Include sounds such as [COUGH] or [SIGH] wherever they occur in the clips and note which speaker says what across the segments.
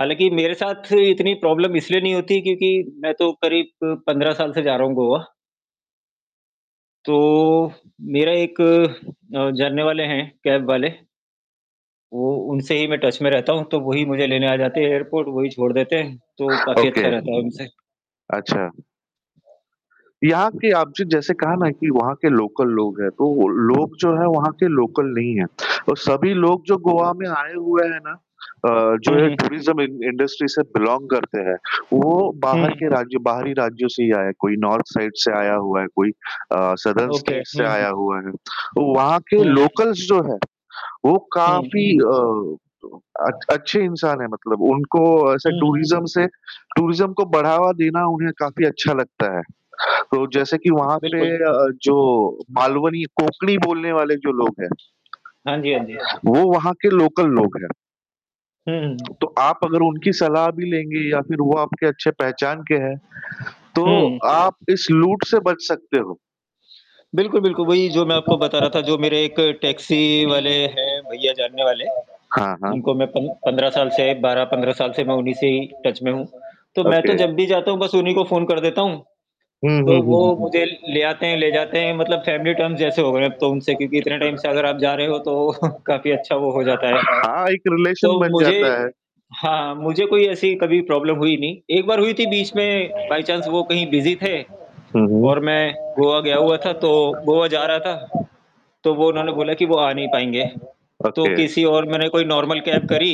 Speaker 1: हालाँकि, मेरे साथ इतनी प्रॉब्लम इसलिए नहीं होती क्योंकि मैं तो करीब 15 साल से जा रहा हूँ गोवा। तो मेरा एक अ, जानने वाले हैं कैब वाले। वो उनसे ही मैं टच में रहता हूँ, तो वही मुझे लेने आ जाते हैं एयरपोर्ट, वही छोड़ देते हैं, तो काफ़ी
Speaker 2: ओके।
Speaker 1: अच्छा रहता है उनसे।
Speaker 2: अच्छा। यहाँ के आपने जैसे कहा ना कि वहाँ के लोकल लोग हैं, तो लोग जो है वहाँ के लोकल नहीं है और सभी लोग जो गोवा में आए हुए हैं ना अ, जो
Speaker 1: हुँ,
Speaker 2: ये
Speaker 1: हुँ।
Speaker 2: टूरिज़्म इं इंडस्ट्री से बिलॉन्ग करते हैं, वो
Speaker 1: हुँ,
Speaker 2: बाहर
Speaker 1: हुँ।
Speaker 2: के राज्यों बाहरी राज्यों से ही आए हैं, कोई नॉर्थ साइड से आया हुआ है, कोई अ, सादर्न
Speaker 1: ओके।
Speaker 2: स्टेट
Speaker 1: हुँ,
Speaker 2: से
Speaker 1: हुँ।
Speaker 2: आया हुआ है। वहाँ के
Speaker 1: हुँ।
Speaker 2: लोकल्स जो हैं, वो
Speaker 1: हुँ।
Speaker 2: काफ़ी अ अ, अच्छे इंसान हैं, मतलब उनको ऐसे
Speaker 1: हुँ।
Speaker 2: टूरिज़्म से टूरिज़्म को बढ़ावा देना उन्हें काफ़ी अच्छा लगता है, तो जैसे कि वहाँ पे
Speaker 1: बिल्कुल।
Speaker 2: अ, जो मालवनी कोंकणी बोलने वाले जो लोग हैं,
Speaker 1: हाँ जी, हाँ जी।
Speaker 2: वो वहाँ के लोकल लोग हैं।
Speaker 1: हुँ, हुँ।
Speaker 2: तो आप अगर उनकी सलाह भी लेंगे या फ़िर वो आपके अच्छे पहचान के हैं, तो
Speaker 1: हुँ।
Speaker 2: आप इस लूट से बच सकते हो।
Speaker 1: बिल्कुल, बिल्कुल। वही जो मैं आपको बता रहा था जो मेरे एक टैक्सी वाले हैं भईया जानने वाले,
Speaker 2: हाँ, हाँ।
Speaker 1: जिनको मैं 15 साल से 12-15 साल से मैं उन्हीं से ही टच में हूँ, तो मैं
Speaker 2: ओके।
Speaker 1: तो जब भी जाता हूँ बस उन्हीं को फ़ोन कर देता हूँ,
Speaker 2: हुँ, हुँ,
Speaker 1: तो
Speaker 2: हुँ,
Speaker 1: वो
Speaker 2: हुँ।
Speaker 1: मुझे ले आते हैं, ले जाते हैं मतलब फैमिली टर्म्स जैसे हो गए अब तो उनसे क्योंकि इतने टाइम से अगर आप जा रहे हो तो [CHUCKLES] काफ़ी अच्छा वो हो जाता है।
Speaker 2: हाँ, एक रिलेशन
Speaker 1: तो
Speaker 2: बन
Speaker 1: मुझे
Speaker 2: जाता है।
Speaker 1: हाँ, मुझे कोई ऐसी कभी प्रॉब्लम हुई नहीं, एक बार हुई थी बीच में बाय चाँस वो कहीं बिज़ी थे
Speaker 2: हुँ, हुँ।
Speaker 1: और मैं गोवा गया हुआ था तो गोवा जा रहा था, तो वो उन्होंने बोला कि वो आ नहीं पाएँगे।, तो
Speaker 2: ओके।
Speaker 1: किसी और मैंने कोई नॉर्मल कैब करी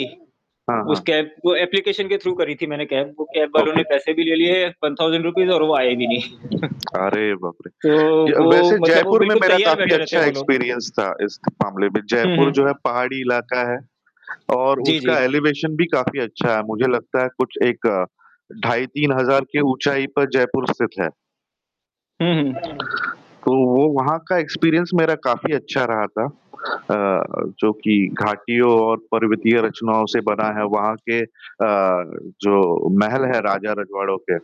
Speaker 2: हाँ,
Speaker 1: उस
Speaker 2: हाँ।
Speaker 1: कैब वो एप्लीकेशन के थ्रू करी थी मैंने कैब। वो कैब वालों
Speaker 2: ओके।
Speaker 1: ने पैसे भी ले लिए ₹1,000 और वो आए भी नहीं। [CHUCKLES]
Speaker 2: अरे बाप रे!
Speaker 1: तो
Speaker 2: ज
Speaker 1: वो
Speaker 2: वैसे
Speaker 1: मतलब वो
Speaker 2: जयपुर में
Speaker 1: बिल्कुल
Speaker 2: मेरा
Speaker 1: तैयार
Speaker 2: काफ़ी
Speaker 1: बैठे रहते
Speaker 2: अच्छा
Speaker 1: हैं वो लोग।
Speaker 2: एक्सपीरियंस था इस मामले में,
Speaker 1: हुँ,
Speaker 2: जयपुर
Speaker 1: हुँ।
Speaker 2: जो है पहाड़ी इलाका है और
Speaker 1: जी,
Speaker 2: उसका
Speaker 1: जी।
Speaker 2: एलिवेशन भी काफ़ी अच्छा है, मुझे लगता है कुछ एक ढाई 3,000 की ऊँचाई पर जयपुर स्थित है।
Speaker 1: हुँ, हुँ।
Speaker 2: तो वो वहाँ का एक्सपीरियंस मेरा काफ़ी अच्छा रहा था अ, जो कि घाटियों और पर्वतीय रचनाओं से बना है, वहाँ के अ, जो महल हैं राजा रजवाड़ों के,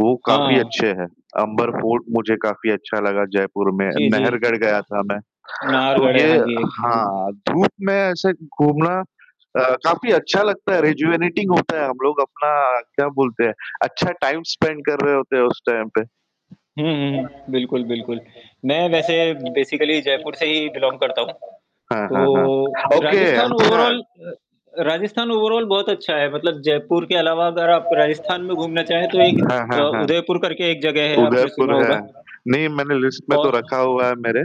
Speaker 2: वो काफ़ी
Speaker 1: हाँ।
Speaker 2: अच्छे हैं, अंबर फोर्ट मुझे काफ़ी अच्छा लगा जयपुर में,
Speaker 1: जी, जी।
Speaker 2: नहरगढ़ गया था मैं, तो
Speaker 1: नारगढ़ है
Speaker 2: ये
Speaker 1: हाँ जी, एक। जी, जी।
Speaker 2: हाँ, धूप में ऐसे घूमना अ, काफ़ी अच्छा लगता है रेजुवेटिंग होता है, हम लोग अपना क्या बोलते हैं अच्छा टाइम स्पेंड कर रहे होते हैं उस टाइम पे।
Speaker 1: हुँ, हुँ। बिल्कुल, बिल्कुल। मैं वैसे बेसिकली जयपुर से ही बिलॉन्ग करता हूँ,
Speaker 2: हाँ, हाँ,
Speaker 1: तो
Speaker 2: हाँ। ओके
Speaker 1: राजस्थान
Speaker 2: अच्छा।
Speaker 1: ओवरऑल अ, राजस्थान ओवरऑल बहुत अच्छा है, मतलब जयपुर के अलावा अगर आप राजस्थान में घूमना चाहें तो एक
Speaker 2: हाँ,
Speaker 1: अ,
Speaker 2: हाँ, हाँ।
Speaker 1: उदयपुर करके एक जगह है आपने सुना
Speaker 2: उदयपुर है।
Speaker 1: होगा।
Speaker 2: नहीं, मैंने लिस्ट में तो रखा
Speaker 1: और?
Speaker 2: हुआ हैं मेरे।